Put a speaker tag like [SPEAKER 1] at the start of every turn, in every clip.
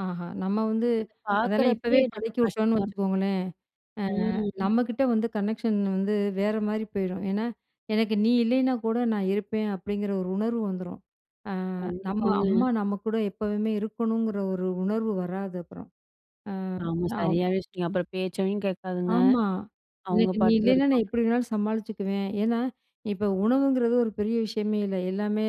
[SPEAKER 1] ஆஹா! நம்ம வந்து, அதெல்லாம் இப்பவே
[SPEAKER 2] பாக்கறப்பயே, நம்ம
[SPEAKER 1] பழக்கிவிட்டோன்னு
[SPEAKER 2] கஷ்டம்.
[SPEAKER 1] வச்சுக்கோங்களேன். ஆ
[SPEAKER 2] ம்.
[SPEAKER 1] நம்மக்கிட்ட வந்து கனெக்ஷன் வந்து வேறமாரி போயிரும். ஏன்னா, எனக்கு நீ இல்லயின்னா கூட நான் இருப்பேன், அப்பிடிங்கிற ஒரு உணர்வு வந்துரும். ஆ நம்ம
[SPEAKER 2] கண்டிப்பாங்க.
[SPEAKER 1] அம்மா நம்ம கூட எப்பவுமே இருக்கணுங்கிற ஒரு உணர்வு வராது அப்புறம். ஆ,
[SPEAKER 2] ஆமா,
[SPEAKER 1] ஆவ்
[SPEAKER 2] சரியாவே சொன்னீங்க. அப்புறம் பேச்சையும் கேட்காதுங்க,
[SPEAKER 1] ஆமா.
[SPEAKER 2] அவுங்க
[SPEAKER 1] எனக்கு நீ
[SPEAKER 2] பாட்டுக்கு
[SPEAKER 1] இல்லயின்னா நான்
[SPEAKER 2] இருப்பாங்க.
[SPEAKER 1] எப்பிடி வேணாலும் சமாளிச்சுக்குவேன். ஏன்னா, இப்ப உணவுங்கிறது ஒரு பெரிய விஷயமே இல்ல. எல்லாமே,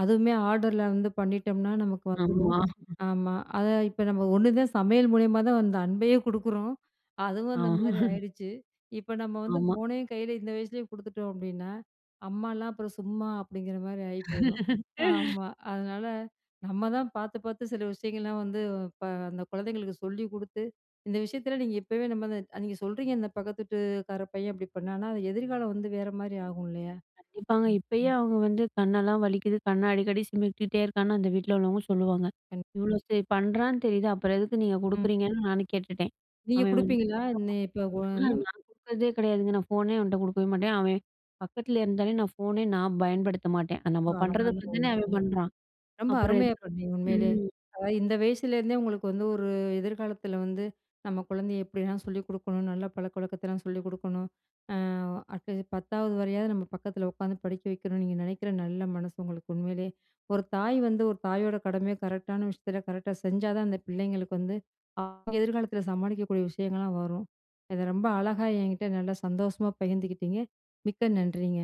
[SPEAKER 1] அதுவுமே ஆர்டர்ல வந்து பண்ணிட்டம்ன்னா நமக்கு வந்துரும்.
[SPEAKER 2] ஆமா.
[SPEAKER 1] ஆமா. அத இப்ப நம்ம ஒண்ணுதான் சமையல் மூலியமா தான் அந்த அன்பையும் குடுக்குறோம். அதுவும்
[SPEAKER 2] ஆ
[SPEAKER 1] அந்தமாரி ஆயிடுச்சு. இப்போ நம்ம வந்து
[SPEAKER 2] ஆமா.
[SPEAKER 1] ஃபோனையும் கையில இந்த வயசுலேயே குடுத்துட்டோம் அப்பிடின்னா, அம்மாலாம் அப்புறம் சும்மா! அப்பிடிங்கிறமாரி ஆயி போயிரும். ஆமா. அதனால, நம்ம தான் பாத்து பாத்து சில விஷயங்கள்லாம் வந்து இப்ப அந்த குழந்தைங்களுக்கு சொல்லிக் கொடுத்து, இந்த விஷயத்தில நீங்க இப்பவே நம்ம அந்த நீங்க சொல்றீங்க இந்த பக்கத்து வீட்டுக்கார பையன் அப்பிடி பண்ணானா, அது எதிர்காலம் வந்து வேறமாரி ஆகும் இல்லயா!
[SPEAKER 2] கண்டிப்பாங்க.
[SPEAKER 1] ம்.
[SPEAKER 2] இப்பயே அவுங்க வந்து கண்ணெல்லாம் வலிக்குது, கண்ண அடிக்கடி சிமிட்டிட்டே இருக்கான்னு அந்த வீட்ல உள்ளவுங்க சொல்லுவாங்க.
[SPEAKER 1] கண்
[SPEAKER 2] இவ்ளோ சரி பண்றான்னு தெரியுது, அப்புறம் எதுக்கு நீங்க
[SPEAKER 1] ம்.
[SPEAKER 2] கொடுக்குறீங்கன்னு நானும் கேட்டுட்டேன்.
[SPEAKER 1] நீங்க
[SPEAKER 2] அவேன் வந்து
[SPEAKER 1] கொடுப்பீங்களா? இன்னே,
[SPEAKER 2] [unintelligible]
[SPEAKER 1] இப்போ [unintelligible]
[SPEAKER 2] நான் குடுக்குறதே கெடையாதுங்க. நான் ஃபோனே அவன்ட்ட குடுக்கவே மாட்டேன். அவேன் பக்கத்தில இருந்தாலே நான் ஃபோனே நான் பயன்படுத்த மாட்டேன்.
[SPEAKER 1] ரொம்ப
[SPEAKER 2] நம்ம
[SPEAKER 1] அழகான
[SPEAKER 2] பண்ணுறதுக்கு
[SPEAKER 1] ஒரு
[SPEAKER 2] பாத்துதானே அவன்
[SPEAKER 1] விஷயம்.
[SPEAKER 2] பண்றான்!
[SPEAKER 1] ரொம்ப
[SPEAKER 2] அப்புறம்
[SPEAKER 1] அருமையா
[SPEAKER 2] எதுக்கா
[SPEAKER 1] பண்ணீங்க, உண்மையிலே.
[SPEAKER 2] ம்.
[SPEAKER 1] அதாவது இந்த வயசுலேருந்தே உங்களுக்கு வந்து ஒரு எதிர்காலத்தில வந்து, நம்ம குழந்தைய எப்பிடியெல்லாம் சொல்லிக் கொடுக்கணும், நல்ல பழக்கவழக்கத்தலாம் சொல்லிக் கொடுக்கணும். ஆ அட்லீஸ்ட் பத்தாவது வரையாவது நம்ம பக்கத்தில உக்காந்து படிக்க வைக்கணும். நீங்க நினைக்கிற நல்ல மனசு உங்களுக்கு உண்மையிலே. ஒரு தாய் வந்து ஒரு தாயோட கடமைய கரெக்ட்டான விஷயத்தில கரெக்ட்டா செஞ்சா தான் அந்த பிள்ளைங்களுக்கு வந்து, [unintelligible] அவெங்க எதிர்காலத்தில சமாளிக்கக்கூடிய விஷயங்கள்லாம் வரும். அத ரொம்ப அழகா என்கிட்ட நல்லா சந்தோஷமா பகிர்ந்துக்கிட்டீங்க, மிக்க நன்றிங்க.